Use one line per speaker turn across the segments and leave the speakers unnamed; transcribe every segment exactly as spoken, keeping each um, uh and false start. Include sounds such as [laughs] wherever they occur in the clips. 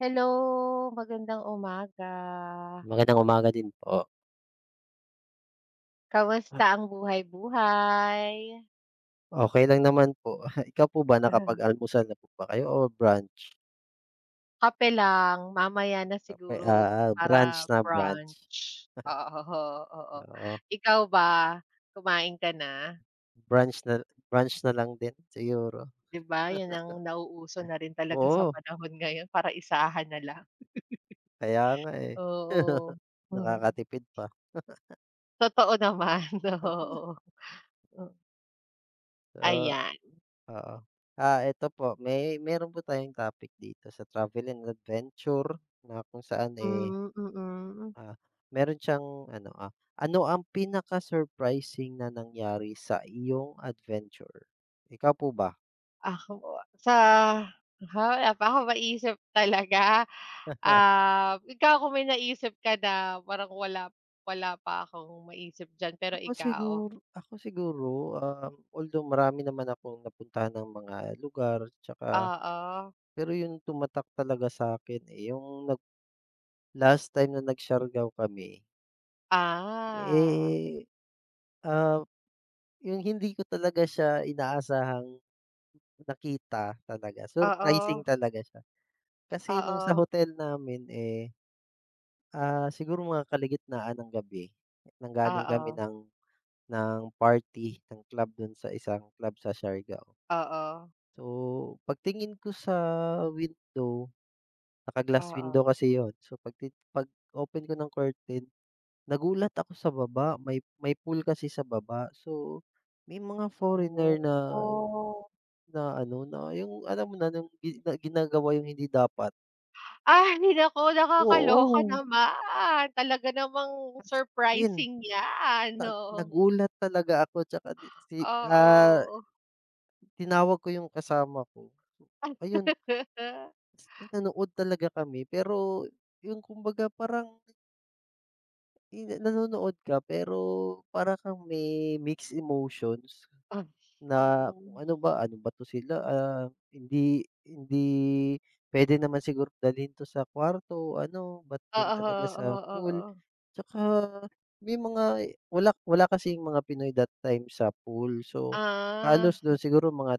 Hello! Magandang umaga.
Magandang umaga din po. Ha.
Kamusta ang buhay buhay?
Okey lang naman po. [chuckles] Ikaw po ba,
Mhm.
nakapag-almusal na po ba kayo o brunch?
Kape lang. Mamaya na
Kape, a
siguro
ah, brunch
para
na, brunch.
brunch, oo, oo.
Oo.
Ikaw ba, kumain ka na?
Brunch na brunch na lang din siguro.
'Di ba 'yun
[laughs]
ang nauuso na rin talaga sa
Oo.
panahon ngayon, para isahan na lang.
Kaya nga
[laughs]
eh.
Oo,
[laughs]
mhm.
Nakaka-tipid pa. [laughs]
Totoo naman,
Ah he
oo. Mm
Oo,
Ayan.
oo. Ah eto po, may meron po tayong topic dito sa travel and adventure na kung saan eh,
Hmm, mm.
ah, meron siyang ano, ah, ano ang pinaka-surprising na nangyari sa iyong adventure? Ikaw po ba?
Ako sa, ha, wala pa akong ma-isip talaga.
[chuckles]
Ah, ikaw kung may na-isip ka na, parang wala, wala pa akong ma-isip diyan, pero
Ako
ikaw?
siguro ako siguro, um although marami naman akong napuntahan ng mga lugar 'tsaka
Oo.
Pero yung tumatak talaga sa'kin eh, yung nag last time na nag-Siargao kami.
Ah.
Eh, ah, yung hindi ko talaga siya inaasahang nakita talaga, surprising
Oo.
talaga siya. Kasi no'ng sa
Oo.
hotel namin, eh, ah, siguro mga kalagitnaan ng gabi nanggaling kami
Oo.
ng ng party ng club do'n sa isang club sa Siargao.
Oo.
So, pagtingin ko sa window naka-glass
Oo.
window kasi 'yon, so, pagti pag-open ko ng curtain nagulat ako sa baba may may pool kasi sa baba. So, may mga
Oh,
foreigner na
oh.
na ano, na yung, alam mo na, nung gi ginagawa yung hindi dapat.
Ah, hina ako nakakaloka
Oo.
naman. Talaga namang
As in,
surprising niyan,
nag
oo.
nagulat talaga ako tsaka di si ah
Oo.
Tinawag ko yung kasama ko, ayun.
[laughs]
Nanood talaga kami. Pero yung kumbaga parang yung nanonood ka pero para kang may mixed emotions
Ah,
na
oo.
kung ano ba, ano ba 'to sila, ah, hindi hindi pwede naman siguro dalhin 'to sa kwarto o ano, ba't d'yan talaga sa pool.
Oo-oo-oo.
Tsaka may mga wala wala kasing mga Pinoy that time sa pool. So,
Ah.
halos do'n siguro mga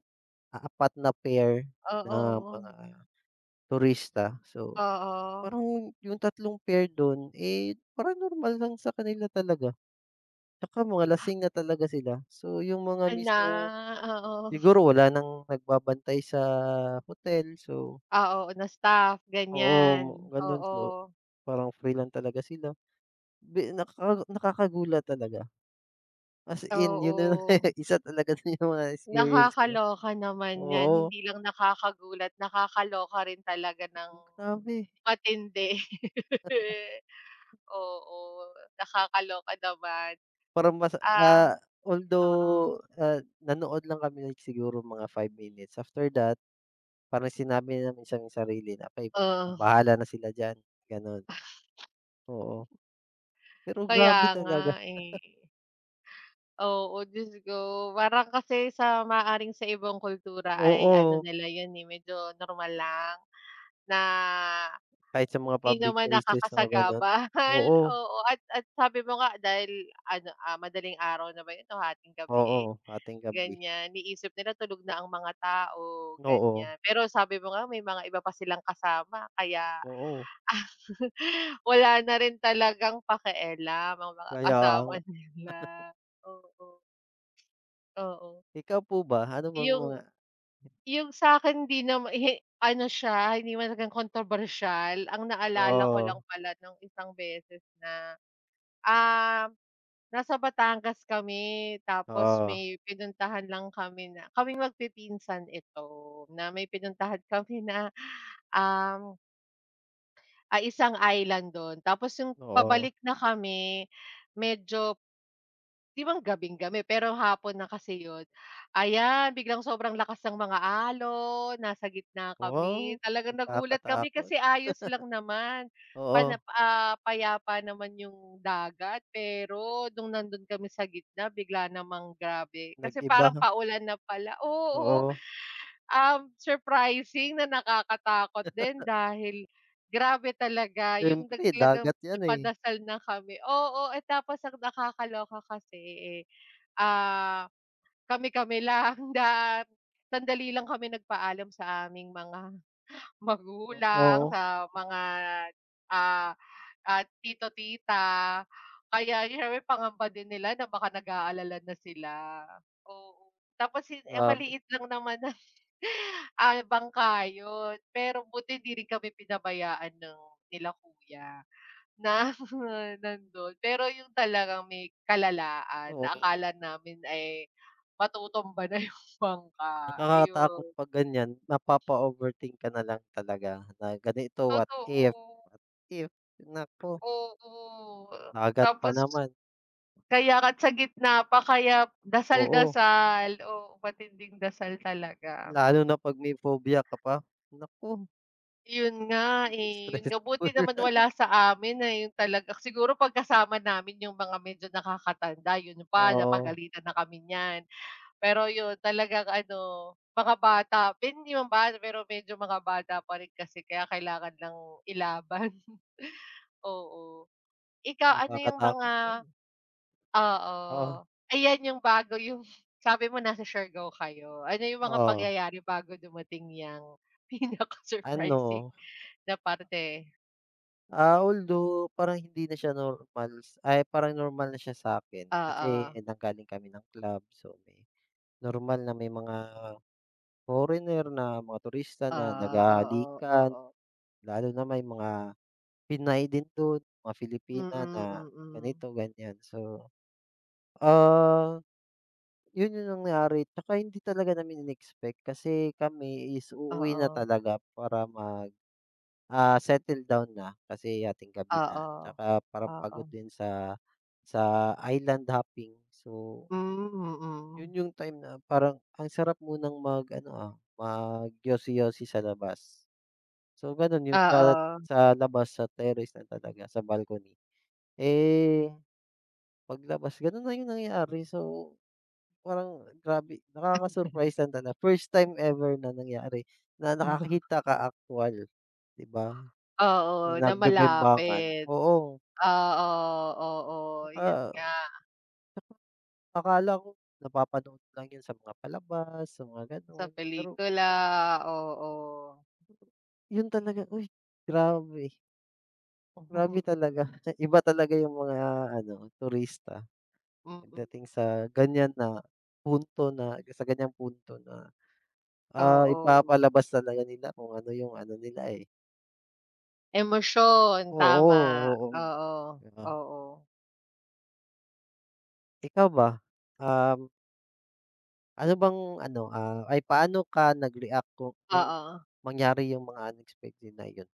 apat na pair na
Oo-oo.
mga turista, so,
Oo.
parang yung tatlong pair do'n, eh, parang normal lang sa kanila talaga. Tsaka mga lasing na talaga sila. So, yung mga
Ah, na
mismong
oo. [chuckles]
siguro wala nang nagbabantay sa hotel. So
Ah, oo, na staff,
Oo,
ganyan.
gano'n po.
Oo.
Parang free lang talaga sila. Bi naka nakakagulat talaga. As in, 'yon na lang
Oo.
[laughs] isa talaga yung mga experience ko.
Nakakaloka naman 'yan.
Oo.
Hindi lang nakakagulat. Nakakaloka rin talaga ng
Grabe.
matindi.
Totoo.
Oo, nakakaloka naman.
Parang mas,
Ah,
ah,
oo.
although, ah, nanood lang kami like siguro mga five minutes, after that parang sinabi namin sa sarili na like
Oo.
bahala na sila diyan, gano'n. Oo.
[laughs]
Pero
Kaya
grabe
nga
talaga.
eh.
[laughs]
Oo, Diyos ko, parang kasi sa maaaring sa ibang kultura ay ano
Oo.
nila 'yon eh medyo normal lang na
Kahit sa mga
hindi
public
naman
places, oo, gano'n,
nakakasagabal,
oo.
oo, at at sabi mo nga dahil ano, ah, madaling araw na ba 'yon o hatinggabi eh,
Oo, hatinggabi.
ganyan, iniisip nila tulog na ang mga tao,
Oo.
ganyan. Pero sabi mo nga may mga iba pa silang kasama kaya
Oo.
[laughs] wala na rin talagang pakialam, ang mga
Kaya nga.
kasama
[chuckles]
nila, oo. Oo.
Ikaw po ba, ano bang
Yung
mga
yung sa'kin 'di nama [laughs] ano siya, hindi naman talagang kontrobersyal ang naalala ko lang
Oo.
pala no'ng isang beses na, ah, nasa Batangas kami tapos
Oo.
may pinuntahan lang kami na kaming magpipinsan ito na may pinuntahan kami na, ah ay, isang island do'n. Tapos yung
Oo.
pabalik na kami, medyo Di ba gabing-gabi pero hapon na kasi 'yon, ayan, biglang sobrang lakas ng mga alon, nasa gitna
Ah, wow,
kami. Talagang nagulat kami
nakakatakot. [laughs]
kasi ayos lang naman pana,
Oo.
ah, payapa naman yung dagat pero no'ng nando'n kami sa gitna bigla namang grabe. Kasi
Nag-iba.
parang paulan na pala, oo,
Oo.
uhm, surprising na nakakatakot din
[laughs]
dahil grabe talaga yung nag
Syempre,
talagang
dagat 'yan, eh.
nagpadasal na kami, oo, eh, tapos ang nakakaloka kasi eh, ah, kami-kami lang at sandali lang kami nagpaalam sa aming mga magulang,
Oo.
sa mga, ah, ah, tito, tita. Kaya syempre pangamba din nila na baka nag-aalala na sila, oo, tapos yun,
Grabe.
maliit lang naman na, ah, bangka 'yon. Pero buti hindi rin kami pinabayaan ng nila kuya na nandon. Pero yung talagang may kalalaan na
Oo nga.
akala namin ay matutumba na yung bangka,
Nakakatakot
iyon.
'pag ganyan, mapapa-overthink ka na lang talaga na ganito, what if.
Totoo.
What if? Naku!
Oo,
Dagat pa
tapos
naman.
Kaya nga at sa gitna pa. Kaya
Oo.
dasal-dasal, oo, matinding dasal talaga.
Lalo na 'pag may phobia ka pa. Naku!
'Yon nga, eh, 'yon nga. Buti
Stressful.
naman wala sa amin, ayun talaga, siguro pag kasama namin yung mga medyo nakaka-tanda 'yon pa
Oo.
napagalitan na kami niyan. Pero 'yon talagang ano mga bata hindi naman bata, pero medyo mga bata pa rin kasi kaya kailangan lang ilaban, oo. Ikaw ano yung mga
Nakakatakot 'yon.
oo.
Oh.
Ayan 'yong bago, 'yong sabi mo nasa Siargao kayo. Ano 'yong mga
Oo.
pangyayari bago dumating yang pinaka-surprising
Ano?
na parte?
Ah, although parang hindi na siya normal, ay parang normal na siya sa'kin. Kasi
Oo.
nanggaling kami ng club, so normal na may mga foreigner, na mga turista na
Ah, oo
nag-hahalikan.
oo.
Lalo na may mga Pinay din do'n, mga Filipina
Mm,
na
mm.
ganito, ganyan. So, ah, 'yon yung nangyari 'tsaka hindi talaga namin i-nexpect. Kasi kami is uuwi na
Oo.
talaga para mag, ah, settle down na kasi hating-gabi na,
Oo,
'tsaka parang pagod
oo.
din sa, sa island hopping. So
Hmm, hmm.
'Yon yung time na parang ang sarap munang mag ano, ah, mag yosi-yosi sa labas. So, gano'n 'yon at
Oo.
sa labas, sa terrace na talaga, sa balcony, eh, pag labas gano'n na yung nangyari. So, parang grabe nakaka-surprise lang tala first
[laughs]
time ever na nangyari na
[unintelligible]
nakakita ka aktuwal 'di ba,
Oo,
na
na
nagbe-bembangan,
malapit.
oo.
Oo, oo
'Tsaka
'yon nga.
akala ko napapanood lang 'yon sa mga palabas, sa mga
Sa
gano'n pero
pelikula.
grabe.
Ah, oo.
'Yon talaga, uy grabe! Grabe
[chuckles]
talaga, [chuckles] iba talaga 'yung mga ano, turista
Mm.
pagdating sa ganyan na punto na sa ganyang punto na, ah,
Oo.
ipapalabas talaga nila kung ano 'yung ano nila, eh.
Emosyon,
Oo,
tama.
oo.
Oo,
'Di ba?
oo.
Ikaw ba, um ano bang ano, ah ay paano ka nag-react kung nung
Oo.
mangyari 'yung mga unexpected na iyon?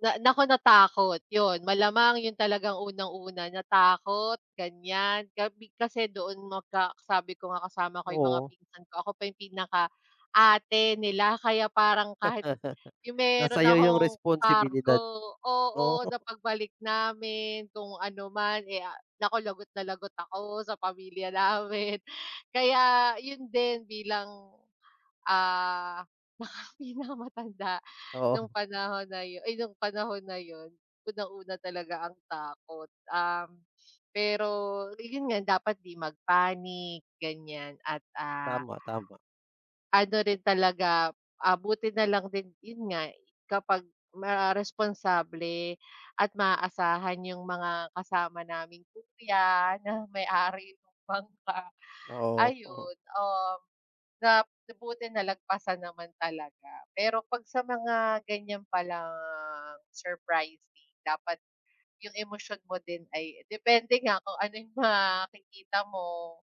Na naku natakot. 'Yun. Malamang 'yun talagang unang-una, natakot, ganyan. Gabi kasi doon magka sabi ko nga kasama ko 'yung mga
Oo.
pinsan ko, ako pa 'yung pinaka ate nila kaya parang kahit 'yung
[laughs] Nasa
meron
iyo 'yung
akong kargo
responsibilidad. Oo.
oo,
[chuckles]
sa pagbalik namin kung ano man eh, ah, naku lagot na lagot ako sa pamilya namin. Kaya, yun din bilang, ah, naka pinakamatanda
Oo.
nung
[chuckles]
panahon na yun ay nung panahon na yun. Unang-una talaga ang takot, um, [sniffs] pero ayun nga dapat 'di mag-panic ganyan at, ah,
Tama, tama.
[breath] ano rin talaga, ah, buti na lang din, 'yun nga i kapag ma responsable at maaasahan 'yung mga kasama naming kuya na may-ari nung bangka
Oo, o.
ayun, um, na buti nalagpasan naman talaga. Pero 'pag sa mga ganyan palang surprising, dapat 'yung emosyon mo din ay depende nga kung ano 'yung makikita mo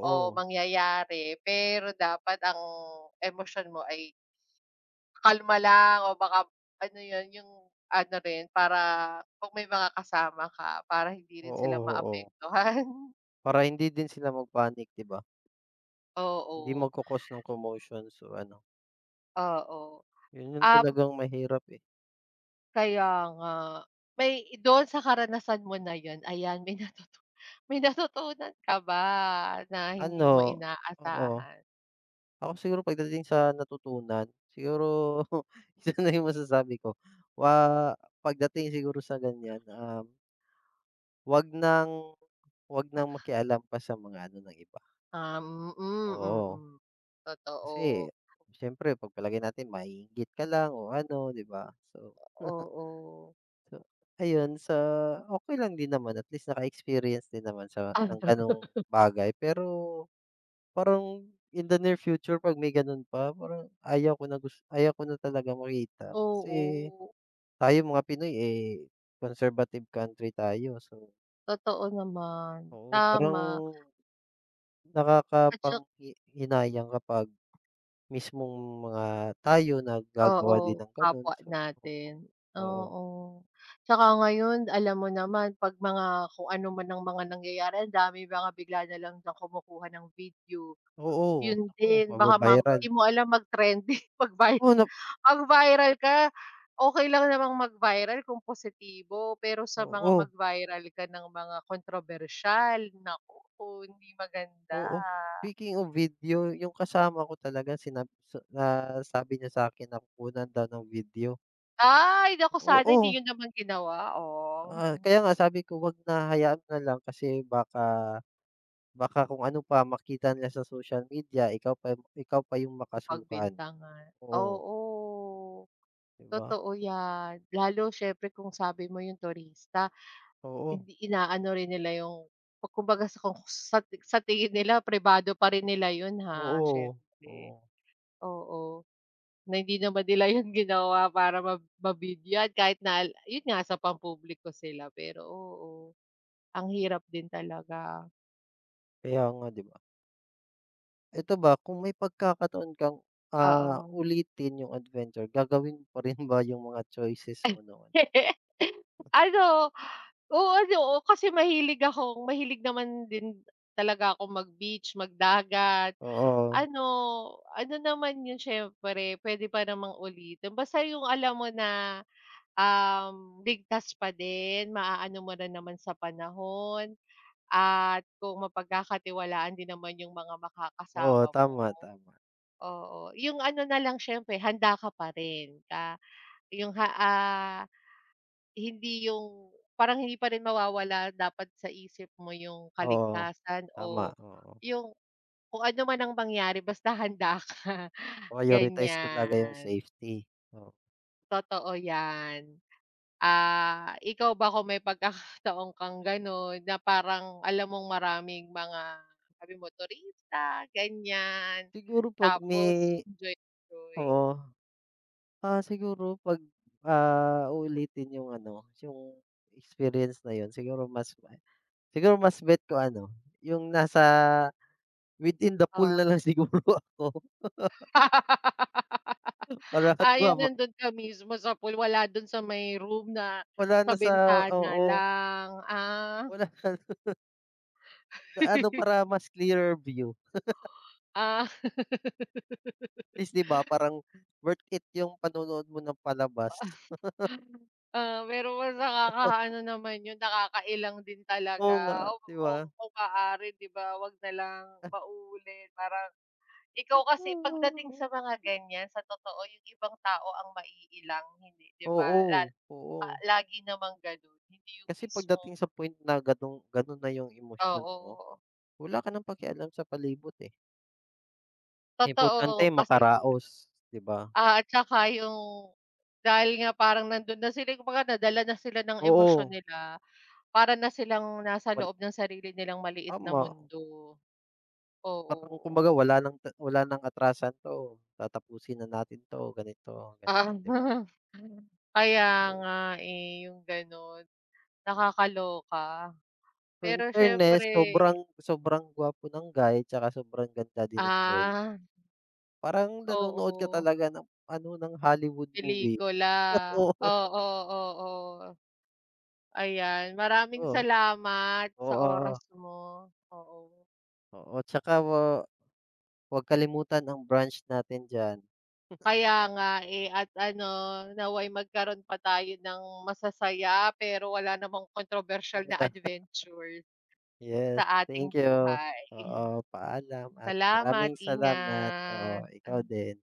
o mangyayari, pero dapat ang emosyon mo ay kalma lang o baka ano yun, 'yung ano rin, para 'pag may mga kasama ka para hindi rin sila
Oo, oo.
maapektuhan. [chuckles]
Para hindi din sila mag-panic 'di ba? Hindi
Oo.
magko-cause ng commotion so, ano
Oo,
yun yung
ab
talagang mahirap, eh.
Kaya nga. May don sa karanasan mo na yan, ayan may nautut may natutunan ka ba na hindi mo
Ano, oo.
inaasahan?
Ako siguro pagdating sa natutunan, siguro [chuckles] isa na yung masasabi ko wa pagdating siguro sa ganyan, um 'wag nang, 'wag nang
[scoffs]
makialam pa sa mga ano ng iba.
Um, mm,
Oo.
mm,
Kasi,
totoo.
siyempre ipagpalagay natin maiinggit ka lang o ano, 'di ba? So
Oo.
[chuckles] sa ayun sa okey lang din naman at least naka-experience din naman sa ng ganong
[laughs]
bagay. Pero, parang in the near future pag may gano'n pa, parang ayaw ko na gus ayaw ko na talagang makita. Kasi,
Oo.
tayong mga Pinoy, eh, conservative country tayo so
Totoo naman.
oo parang,
Tama. At tsak
nakakapanghi hinayang kapag, mismong mga tayo naggagawa din
Oo,
ng gano'n,
kapwa
so [unintelligible]
natin.
oo.
Oo, tsaka ngayon alam mo naman 'pag mga kung ano man ang mga nangyayari, andaming mga bigla na lang na kumukuha ng video.
Oo,
Yun
naku,
din, baka mam
maba-viral.
'di mo alam mag trending, mag-vi
Oh, nap
mag-viral ka. Okey lang namang mag-viral kung positibo, pero sa mga
Oo.
mag-viral ka ng mga kontrobersyal, naku hindi maganda.
Oo, speaking of video, yung kasama ko talaga sinab sa, nasabi niya sakin na kukunan daw ng video.
Ay! Naku sana
Oo.
hindi n'yo naman ginawa, oh.
Ah, kaya nga sabi ko 'wag na, hayaan na lang, kasi baka, baka kung ano pa makita nila sa social media, ikaw pa ikaw pa 'yong
O
makasuhan
pagbintangan,
oo.
oo,
'Di ba?
totoo 'yan. Lalo siyempre kung sabi mo 'yong turista,
Oo.
hindi inaano rin nila 'yong ku kumbaga sa kung sa ti sa tingin nila, pribado pa rin nila 'yon, ha?
Oo, oh.
Siyempre,
Oo.
oo, na hindi naman nila 'yon ginawa para ma mabigyan kahit na 'yon nga, sa pampubliko sila, pero oo, ang hirap din talaga.
Kaya nga 'di ba? Ito ba, kung may pagkakataon kang, ah,
Oo.
ulitin 'yung adventure, gagawin mo pa rin ba yung mga choices mo noon?
[laughs] Ano, o, ano, oh, kasi mahilig akong mahilig naman din talaga akong mag-beach, magdagat.
Oo.
Ano, ano naman 'yon, siyempre puwede pa namang ulitin basta 'yung alam mo na, um, ligtas pa din. Maaano mo rin naman sa panahon at kung mapagkakatiwalaan din naman 'yung mga
Oo,
makakasama mo.
tama, tama.
Oo, yung ano na lang, siyempre handa ka pa rin na yung, ha, ah, hindi yung parang hindi pa rin mawawala dapat sa isip mo yung
Oo,
kaligtasan
tama,
o
oo.
'yung kung ano man ang mangyari, basta handa ka,
Prioritize talaga yung
ganyan.
safety. Oo.
Totoo yan. Ah, ikaw ba, kung may pagkakataon kang gano'n na parang alam mong maraming mga daming turista ganyan,
Siguro 'pag
tapos,
may
enjoy-enjoy.
Oo. Ah, siguro pag, ah, uulitin yung ano yung experience na 'yon, siguro mas siguro mas bet ko ano, yung nasa within the pool
Oh.
na lang siguro ako.
[laughs] Ah, yung
[unintelligible]
nando'n ka mismo sa pool, wala do'n sa may room, na
Wala
sa
na sa
bintana
Oo.
lang, ah.
Wala. [unintelligible] Ano
[laughs]
para mas clearer view. [laughs]
Ah.
At
[laughs]
least 'di ba, parang worth it yung panonood mo ng palabas. [laughs]
[chuckles] Ah, pero mas
[unintelligible]
nakakaano naman 'yon, nakakailang din
Oo nga,
talaga.
'di ba?
Oo, kung maaari 'di ba, 'wag na lang
Ah.
maulit. Parang ikaw kasi pagdating
[humming]
sa mga ganyan, sa totoo yung ibang tao ang maiilang hindi 'di ba, lal
Oo, oo.
lagi namang gano'n, hindi yung
Kasi
mismong
pagdating sa point na gano'ng gano'n na yung emosyon mo,
Oo.
wala ka nang pakialam sa palibot, eh. Importante
Totoo, kasi
makaraos, 'di ba?
Ah, at saka yung dahil nga parang nando'n na sila kumbaga nadala na sila ng emosyon
Oo.
nila. Para na silang nasa
Wal
loob ng sarili nilang maliit na
Tama.
mundo,
Parang
oo.
kumbaga wala ng t wala ng atrasan 'to, tatapusin na natin 'to, ganito, ganyan, 'di ba?
Tama. Kaya
Oh.
nga eh, yung gano'n. Nakakaloka.
In
Pero syempre
fairness, sobrang sobrang gwapo ng guy 'tsaka sobrang ganda din ng girl.
Ah.
Parang nanonood ka
Oo.
talaga ng ano, ng Hollywood movie.
Pelikula,
Oo.
oo-oo. Ayan, maraming
Oh.
salamat sa oras
Oo.
mo, oo.
Oo, 'tsaka wa wag kalimutan ang branch natin d'yan. [chuckles]
Kaya nga, eh, at ano nawa'y magkaroon pa tayo ng masasaya pero wala namang kontrobersyal na adventure
[laughs] Yes,
sa ating
thank you.
buhay.
Oo, paalam at
Salamat.
maraming salamat. Oo, ikaw
Ingat.
din.